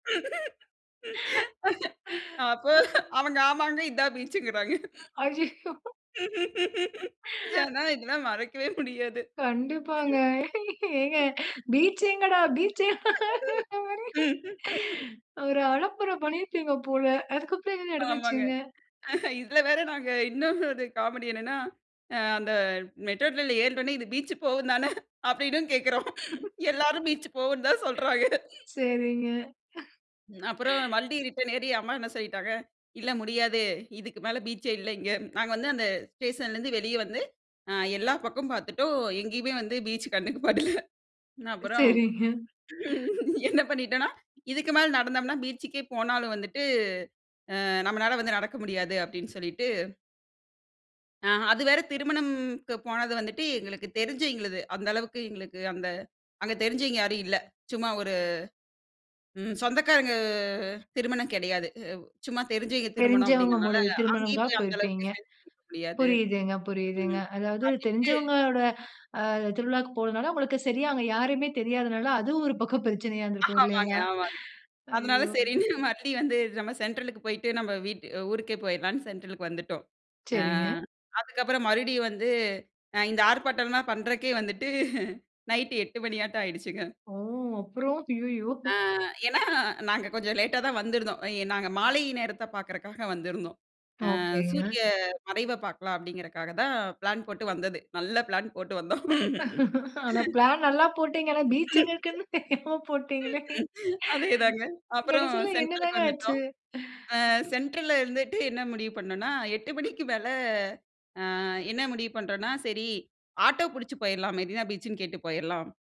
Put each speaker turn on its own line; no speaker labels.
அப்ப அவங்க, "ஆமாங்க, இதான் பீச்சுங்கறாங்க."
அய்யயோ!
ஆனா, இதெல்லாம் மறக்கவே முடியாது.
கண்டிப்பாங்க. ஏங்க "பீச் எங்கடா? பீச்சு?" ஒரே ஒரு அலப்பற பண்ணியிருப்பீங்க போல. அதுக்கப்பறம் என்ன
ஆமாங்க.
நடந்துச்சுங்க?
இதுல வேற நாங்க இன்னும் ஒரு காமெடி என்னன்னா, அ அந்த மெட்ரோ ட்ரெயின்ல ஏறின ஓன்னே, "இது பீச் போகுந்தானே?" அப்படீன்னும் கேட்கிறோம். எல்லாரும் பீச் போகும்ன்னு தான் சொல்றாங்க.
சரிங்க.
அப்பறம் வண்டி ரிட்டர்ன் ஏறி அம்மா என்ன சொல்லிட்டாங்க, "இல்ல முடியாது, இதுக்கு மேல பீச்சே இல்ல இங்க." நாங்க வந்து அந்த ஸ்டேஷன்லேருந்து வெளிய வந்து அ எல்லா பக்கமும் பார்த்துட்டோம். எங்கேயுமே வந்து பீச் கண்ணுக்கு படல. அப்புறம்
சரிங்க.
என்ன பண்ணிட்டோம்ன்னா, "இதுக்கு மேல நடந்தம்ன்னா பீச்சுக்கே போனாலும் வந்துட்டு, அ நம்மனால வந்து நடக்க முடியாது." அப்படீன்னு சொல்லிட்டு ஆ அது வேற திருமணும்க்கு போனது வந்துட்டு, எங்களுக்கு தெரிஞ்சவிங்களது. அந்தளவுக்கு எங்களுக்கு அந்த அங்க தெரிஞ்சவிங்க யாரும் இல்ல. சும்மா ஒரு ம் சொந்தக்காரங்க திருமணம் கெடையாது. அ சும்மா தெரிஞ்சவிங்க திருமணம்
தெரிஞ்சவங்க
அப்படீங்கிறதுனால,
மூலிய
அங்கேயும்
திருமணம்தான்
போய் அந்த
போயிருப்பீங்க.
அளவுக்கு ஹெல்ப் கேட்க முடியாது,
புரியுதுங்க, புரியுதுங்க.
ம்
அதாவது
அப்படீன்ட்டு
தெரிஞ்சவங்களோட அ திருவிழாவுக்கு போனதுனால, உங்களுக்கு சரியா அங்க யாரையுமே தெரியாதனால, அதுவும் ஒரு பக்கம் பிரச்சனையா இருந்திருக்கும்
ஆமாங்க,
இல்லைங்களா?
ஆமாங்க. அதனால
ஐயோ!
சரின்னு மறுபடியும் வந்து நம்ம சென்ட்ரலுக்கு போயிட்டு நம்ப வீட் ஊருக்கே போயிடலான்னு சென்ட்ரலுக்கு வந்துட்டோம். அ
சரிங்க.
அதுக்கப்பறம் மறுபடியும் வந்து, அ இந்த ஆர்ப்பாட்டம்லாம் பண்றதுக்கே வந்துட்டு நைட்டு 8 மணியாட்டம் ஆயிடுச்சுங்க.
ஓ! அப்பறம், அய்யயோ!
ஆ ஏன்னா நாங்க கொஞ்சம் லேட்டா தான் வந்திருந்தோம். அ இ நாங்க மாலை நேரத்த பார்க்கறக்காக வந்திருந்தோம். "அ
ஓகேங்க.
சூரிய மறைவ பார்க்கலாம்." அப்படீங்கிறதுக்காக தான் பிளான் போட்டு வந்தது. நல்ல பிளான் போட்டு வந்தோம்.
ஆனா, பிளான் நல்லா போட்டீங்க. ஆனா பீச் எங்க இருக்குன்னு தெரியாம போட்டீங்களே!
அதேதாங்க. அப்பறம்
கடைசியில
சென்ட்ரலுக்கு
என்னதாங்க ஆச்சு?
வந்துட்டோம். அ சென்ட்ரல்ல இருந்துட்டு என்ன முடிவு பண்ணோம்ன்னா, 8 மணிக்கு மேல அ என்ன முடிவு பண்றோம்ன்னா, "சரி ஆட்டோ புடிச்சு போயிரலாம். மெரினா பீச்சுன்னு கேட்டு போயரலாம்."